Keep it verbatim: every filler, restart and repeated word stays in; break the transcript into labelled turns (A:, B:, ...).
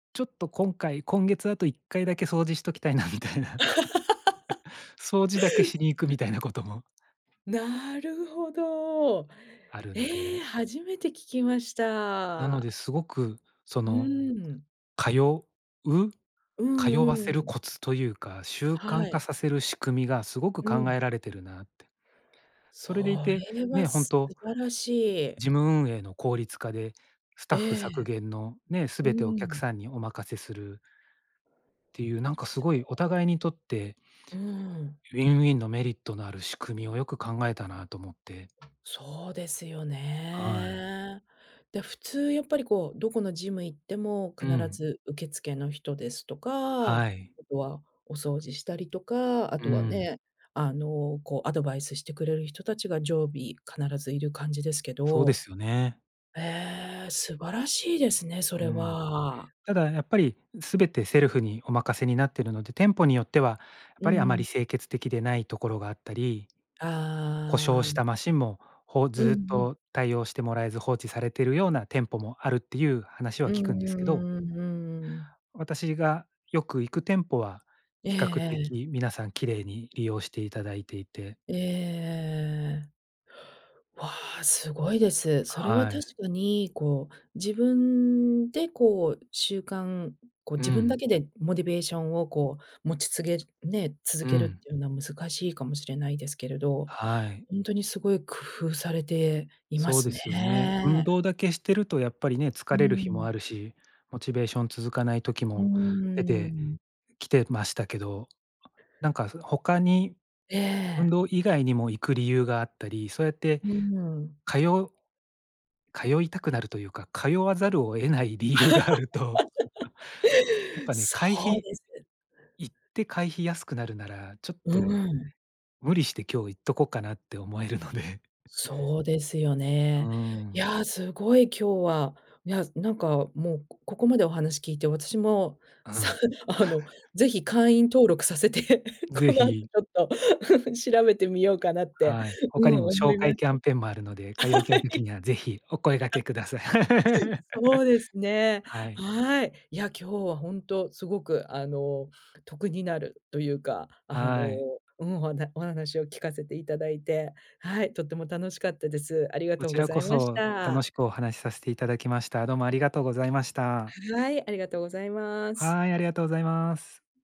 A: ちょっと今回、今月あといっかいだけ掃除しときたいなみたいな、掃除だけしに行くみたいなことも
B: なるほど。
A: あるの
B: え
A: で。
B: え、初めて聞きまし
A: なので、
B: た。
A: すごくそ
B: う
A: の、
B: ーん。
A: 通う
B: う
A: 通わ
B: ん
A: せ
B: う
A: る
B: ん。
A: コツというか、習慣
B: は
A: 化
B: い。
A: させる仕組みがすごく
B: う
A: 考
B: ん。
A: えられてるなって。
B: そ
A: それでいて、
B: れは
A: ね、ほん
B: 素
A: と、
B: 晴らしい。
A: 事務運営の効率化で、スタッフ
B: え
A: 削
B: え。
A: 減の、ね、す
B: う
A: べてお客
B: ん。
A: さんにお任せするっていう、なんかす
B: そ
A: ごいお
B: う。
A: 互いにとって
B: うん。
A: ウィンウィンのメリットのある仕組みをよく考えたなと思って。
B: そうですよ
A: はい。
B: ね。で、普通やっぱりこう、どこのジム行っても、
A: う
B: 必
A: ん。
B: ず受付の人ですとか、あ
A: はい。
B: とはお掃除したりとか、あ
A: う
B: とは
A: ん。
B: ね、あの、こうアドバイスしてくれる人達が常備必ずいる感じですけ
A: そうで
B: ど。
A: すよね。
B: へえ、素晴らしいですね、そ
A: う
B: れ
A: ん。
B: は。
A: ただやっぱり、全てセルフにお任せになってるので、店舗によっては、やっ
B: う
A: ぱりあま
B: ん。
A: り清潔的でないところがあったり、故障
B: あ
A: し
B: あ。
A: たマシンも、ほず
B: うん
A: ーっ
B: うん。
A: と対応してもらえず、放置されているような店舗もあるっていう話は
B: う
A: 聞
B: ん
A: くんですけど。
B: うんうんうんうんうん。
A: 私がよく行く店舗は、
B: ええ
A: 比較
B: ええ。
A: 的皆さん綺麗に利用していただいていて。
B: ええええええええええ。わあ、すごいです。それは
A: は
B: 確
A: い。
B: かに、こう、自分でこう、習慣こう
A: う
B: 自分だ
A: ん。
B: けでモティベーションをこう、持ちつげね、続
A: う
B: けるっ
A: ん。
B: ていうのは難しいかもしれないですけど、
A: はい。
B: ほんとにすごい工夫されていま
A: そう
B: す
A: で
B: ね。
A: すよね。運動だけしてるとやっぱりね、
B: う
A: 疲れる日も
B: ん。
A: あるし、モチベーション続かない時
B: う
A: も出
B: ー
A: て
B: ん。
A: きてましたけど、なんか、ふ他に
B: え
A: 運
B: え。
A: 動以外にも行く理由があったり、そうやって
B: うん。
A: 通う通いたくなるというか、通わざるを得ない理由があると、やっ ぱね、
B: そ
A: 会
B: う
A: 費
B: です。
A: 行って会費安くなるなら、ちょっ
B: う
A: と
B: ん。
A: 無理して今日行っとこっかなって思えるので。
B: そうですよ
A: うー
B: ね。い
A: ん。
B: や、すごい、今日は、いや、なんかもう、こここまでお話聞いて、私も、
A: う
B: さ
A: ん。
B: あの、是 非会員登録させて、
A: 是
B: この後ち
A: 非。
B: ょっと 調べてみようかなって、
A: はい。
B: う
A: 他
B: ん、
A: にも
B: 思
A: 紹
B: いま
A: 介
B: し
A: キャンペーンもあるので、通
B: た。あ、
A: いた
B: は
A: い時
B: い。
A: には是非お声がけ
B: あ
A: ください。
B: そうですね。
A: はい。
B: はい。いや、今日はほんと、すごくあの、得になるというか、あの、
A: はい。
B: うん、ほなお話を聞かせていただいて、はい、とても楽しかったです。ありが
A: こ
B: とう
A: ち
B: ご
A: ら
B: ざ
A: こ
B: いまし
A: そ、楽
B: た。
A: しくお話しさせていただきました。どうもありがとうございました。
B: はい、ありがとうございます。
A: はい、ありがとうございます。